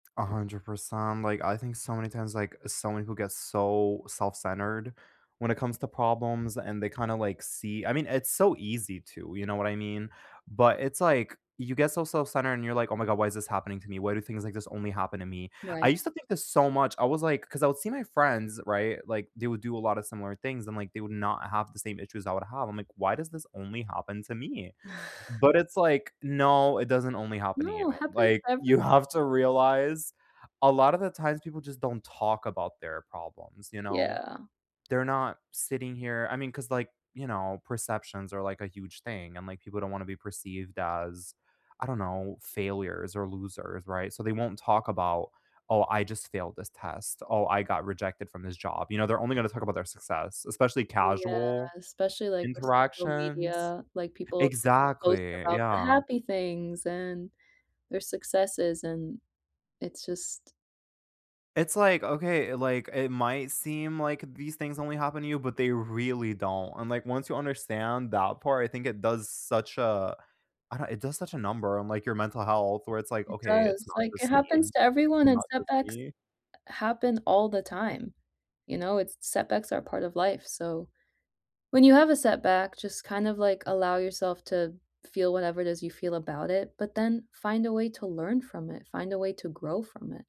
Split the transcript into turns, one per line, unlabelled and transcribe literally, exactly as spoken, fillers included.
a hundred percent, um, like, I think so many times, like, so many people get so self-centered when it comes to problems, and they, kinda, like, see I mean, it's so easy to, you know what I mean? But it's like, you get so self-centered, and you're like, "Oh my god, why is this happening to me? Why do things like this only happen to me?" I
Right.
used to think this so much, I was like 'cause I would see my friends, right? Like, they would do a lot of similar things, and like they would not have the same issues I would have, I'm like, "Why does this only happen to me?" But, it's like, "No, it doesn't only happen to you,"
No, happens
like,
to
you
everyone.
have to realize a lotta the times people just don't talk about their problems, you know?
Yeah.
They're not sitting here I mean, 'cause, like, you know, perceptions are, like, a huge thing, and, like, people don't wanna be perceived as, I don't know, failures or losers, right? So, they won't talk about, "Oh, I just failed this test, oh, I got rejected from this job." You know? They're only gonna talk about their success, especially
Yeah,
casual
especially, like, with social
interactions
media, like, people just post
exactly,
about the
yeah.
happy things, and their successes, and it's just
It's like, "Okay," like, "it might seem like these things only happen to you, but they really don't." And, like, once you understand that part, I think it does such a I don't it does such a number on, like, your mental health where it's like,
It
"Okay, it's
does,
not
like, it
just me.
happens
It's
to everyone, and
not just
setbacks
me."
happen all the time. You know? It's setbacks are part of life, so when you have a setback, just, kind of, like, allow yourself to feel whatever it is you feel about it, but then find a way to learn from it, find a way to grow from it.